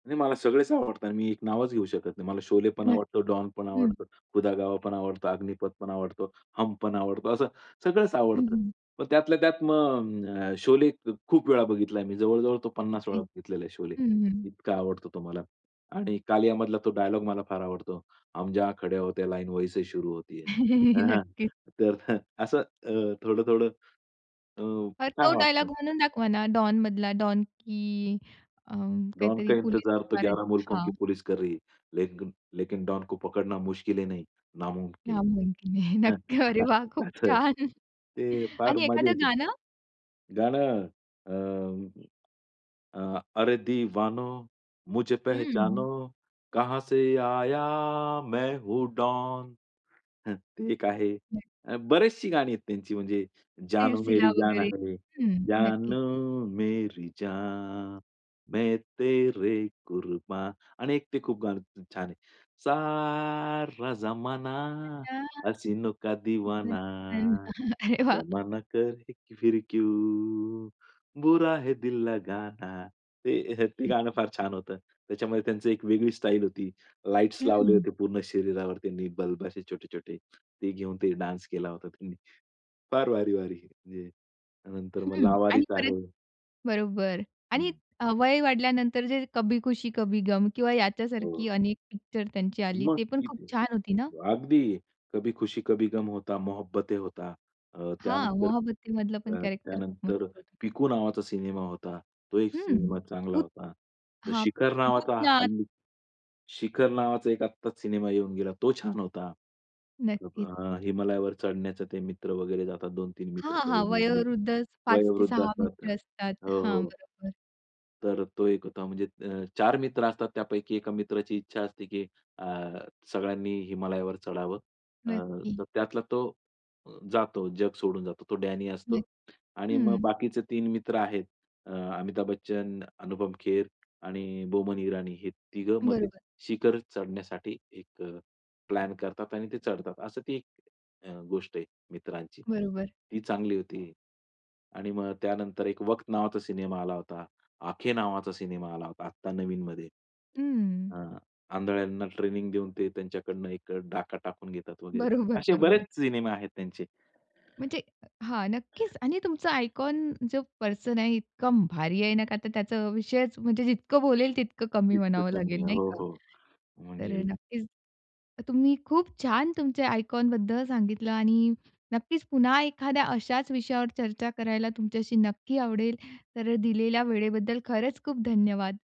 नाही मला सगळेच आवडतात आणि मी एक नावच घेऊ शकत नाही. मला शोले पण आवडतो, नक्की डॉन पण हं. आवडतो, खुदा गवा पण आवडतो, अग्निपथ पण आवडतो, हम पण आवडतो असं सगळंच हं, आवडतं. हं. पण त्यातल्या त्यात मग अ, शोले ख खूप वेळा बघितला आहे मी. जवळजवळ 50 वेळा अगदी. बघितलेला आहे शोले. हं, हं, हं. इतका आवडतो तो मला आणि कालिया मधला तो डायलॉग मला फार आवडतो. "हम जहा खडे होते लाईन वही से शुरू होती है." हां. हां. नक्कीच. तर असं अ, थोडं-थोडं अ, बरं छान तो डायलॉग वाटतं. म्हणून दाखवा ना, डॉनमधला डॉन की अ, "डॉन काहीतरी का पोलीस इंतजार तो फारच ग्यारह मुल्कों हां. की पुलिस कर रही है लेकिन लेकिन डॉन को पकडना मुश्किल ही नहीं नामुमकिन नामुमकीन है हे." नक्की अरे वाह खूप [unintelligible] छान ते फार आणि मजा एखादं येते. गाणं? गाणं अं, अ, अरे दिवानो मुझे पेहेचानो हं. कहाँ से आया मैं हूँ डॉन. ते एक आहे [unintelligible] बरेचशी गाणी आहेत त्यांची म्हणजे, जाणू सिलसिला मेरी जान वगैरे. आहे हं, नक्कीच. जाणू मेरी जान, मैं तेरे कुर्बान आणि एक ते खूप गाणं [unintelligible] छान आहे. सारा जमाना, [unintelligible] खूपच हसीनो दीवाना, छान! अरे वाह! जमाना कहे फिर क्यू बुरा है दिल लगाना. ते ते गाणं फार छान होतं. त्याच्यामध्ये त्यांची एक वेगळी स्टाईल होती. लाईट्स लावले हं. होते पूर्ण शरीरावर त्यांनी बल्ब असे छोटे-छोटे ते घेऊन ते डान्स केला होता त्यांनी. फार भारी-भारी म्हणजे नंतर मग हं आणि लावारिस परत आहे. बरोबर आणि हं. अ, वय वाढल्यानंतर जे कभी खुशी कभी गम किंवा याच्यासारखी हो. अनेक पिक्चर त्यांची आली मग ते पण खूप किती छान होती ना? अगदी, कभी खुशी कभी गम होता, मोहोब्बते होता अ, हां, त्यानंतर मोहोब्बते मधलं पण अ, कॅरेक्टर खूप मस्त त्यानंतर होतं. पिकू नावाचा सिनेमा होता. तो एक हं. सिनेमा चांगला भूत होता. तर हां, शिखर नावाचा भूतनाथ हल्ली शिखर नावाचा एक आत्ताच सिनेमा येऊन गेला तो छान होता. नक्कीच. अ, हिमालयावर चढण्याचे ते मित्र वगैरे जातात 2-3 मित्र हां, हां, [unintelligible] वयोवृद्धच पाच ते वयोवृद्ध सहा असतात मित्र असतात. हो, हां, हो. बरोबर. तर तो एक होता म्हणजे अ, 4 मित्र असतात त्यापैकी 1 मित्राची इच्छा असते की अ, सगळ्यांनी हिमालयावर चढावं. अ, नक्की. तर त्यातला तो जातो जग सोडून जातो तो डॅनी असतो [unintelligible] आणि मग हं. बाकीचे 3 मित्र आहेत अ, अमिताभ बच्चन, अनुपम खेर आणि बोमन इराणी हे 3घं मग ते बरोबर. शिखर चढण्यासाठी एक अ, प्लॅन करतात आणि ते चढतात. असं ती एक अ, गोष्ट आहे मित्रांची. बरोबर. ती चांगली होती आणि मग त्यानंतर एक वक्त नावाचा सिनेमा आला होता, आखे नावाचा सिनेमा आला होता. आत्ता नवीनमध्ये हं. अ, आंधळ्यांना ट्रेनिंग देऊन ते त्यांच्याकडनं एक डाका टाकून घेतात वगैरे. बरोबर, असे बरेच बरोबर. सिनेमा आहेत त्यांचे. म्हणजे हां, नक्कीच आणि तुमचं आयकॉन जो पर्सन आहे इतकं भारी आहे नका तर त्याचा विषयच म्हणजे जितकं बोलेल तितकं कमी इतकं म्हणावं कमी लागेल आहे, नाही हो, का. हो तर अ, म्हणजे नक्कीच तुम्ही खूप छान तुमचे आयकॉन बद्दल सांगितलं आणि नक्कीच पुन्हा एखाद्या अशाच विषयावर चर्चा करायला तुमच्याशी नक्की आवडेल. तर दिलेल्या वेळेबद्दल खरंच खूप धन्यवाद.